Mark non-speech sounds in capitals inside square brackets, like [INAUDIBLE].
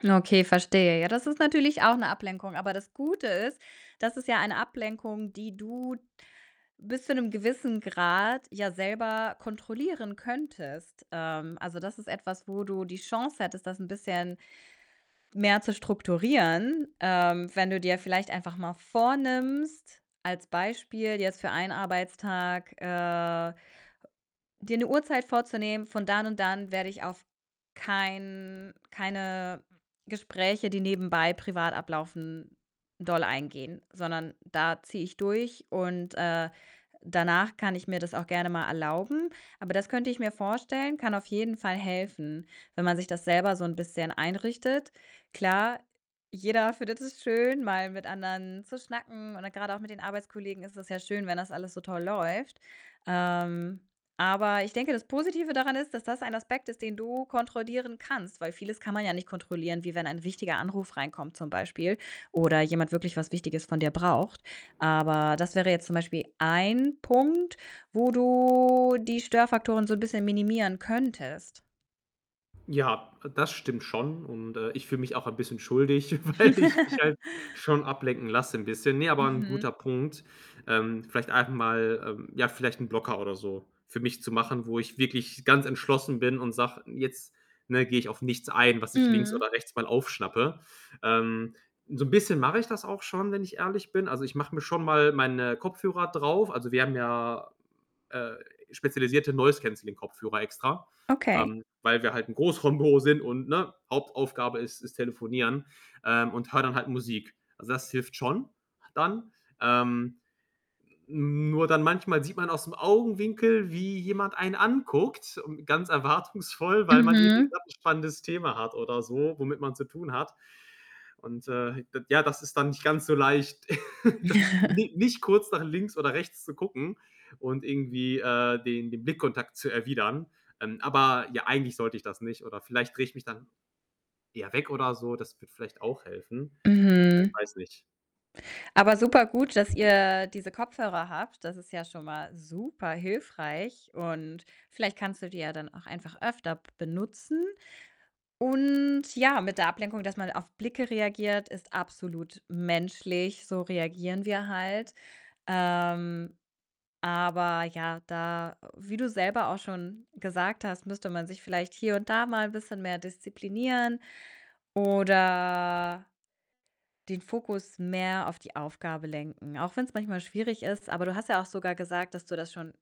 Na okay, verstehe. Ja, das ist natürlich auch 'ne Ablenkung, aber das Gute ist, das ist ja eine Ablenkung, die du bis zu 'nem gewissen Grad ja selber kontrollieren könntest. Ähm, also, das ist etwas, wo du die Chance hättest, das 'n bisschen mehr zu strukturieren. Ähm, wenn du dir vielleicht einfach mal vornimmst, als Beispiel jetzt für 1 Arbeitstag, äh, [UNINTELLIGIBLE] dir 'ne Uhrzeit vorzunehmen: „Von dann und dann werde ich auf kein keine Gespräche, die nebenbei privat ablaufen, doll eingehen. Sondern da ziehe ich durch und, äh, danach kann ich mir das auch gerne mal erlauben.“ Aber das könnte ich mir vorstellen, kann auf jeden Fall helfen, wenn man sich das selber so 'n bisschen einrichtet. Klar, jeder findet es schön, mal mit anderen zu schnacken oder grade auch mit den Arbeitskollegen ist es ja schön, wenn das alles so toll läuft. Ähm, aber ich denke, das Positive daran ist, dass das ein Aspekt ist, den du kontrollieren kannst. Weil vieles kann man ja nicht kontrollieren, wie wenn ein wichtiger Anruf reinkommt zum Beispiel oder jemand wirklich was Wichtiges von dir braucht. Aber das wäre jetzt zum Beispiel 1 Punkt, wo du die Störfaktoren so 'n bisschen minimieren könntest. Ja, äh, das stimmt schon und, äh, ich fühle mich auch ein bisschen schuldig, weil ich mich halt [CHUCKLES] schon ablenken lasse, 'n bisschen. Ne, aber 'n Mhm. guter Punkt, ähm, vielleicht einfach mal, ähm, ja, vielleicht 'n Blocker oder so für mich zu machen, wo ich wirklich ganz entschlossen bin und sage: „Jetzt, ne, gehe ich auf nichts ein, was ich links Mhm. oder rechts mal aufschnappe.“ Ähm. So'n bisschen mache ich das auch schon, wenn ich ehrlich bin. Also, ich mache mir schon mal meine Kopfhörer drauf. Also, wir haben ja, äh, spezialisierte Noise Cancelling Kopfhörer extra, Okay. ähm, weil wir halt 'n Großraumbüro sind und, ne, Hauptaufgabe ist ist Telefonieren, ähm, und höre dann halt Musik. Also, das hilft schon, dann. Ähm, n nur dann manchmal sieht man aus'm Augenwinkel, wie jemand einen anguckt, ähm, ganz erwartungsvoll, weil man irgendwie Mhm. grad 'n spannendes Thema hat oder so, womit man zu tun hat. Und, äh, d ja, das ist dann nicht ganz so leicht, [LAUGHS] dann [CHUCKLES] ni nicht kurz nach links oder rechts zu gucken und irgendwie, äh, den den Blickkontakt zu erwidern. Ähm, aber ja, eigentlich sollte ich das nicht oder vielleicht drehe ich mich dann eher weg oder so. Das würde vielleicht auch helfen. Mhm. Äh, weiß nicht. Aber super gut, dass ihr diese Kopfhörer habt. Das ist ja schon mal super hilfreich und vielleicht kannst du die ja dann auch einfach öfter b benutzen. Und ja, mit der Ablenkung, dass man auf Blicke reagiert, ist absolut menschlich, so reagieren wir halt. Ähm, aber ja, da wie du selber auch schon gesagt hast, müsste man sich vielleicht hier und da mal 'n bisschen mehr disziplinieren oder den Fokus mehr auf die Aufgabe lenken, auch wenn's manchmal schwierig ist. Aber du hast ja auch sogar gesagt, dass du das schon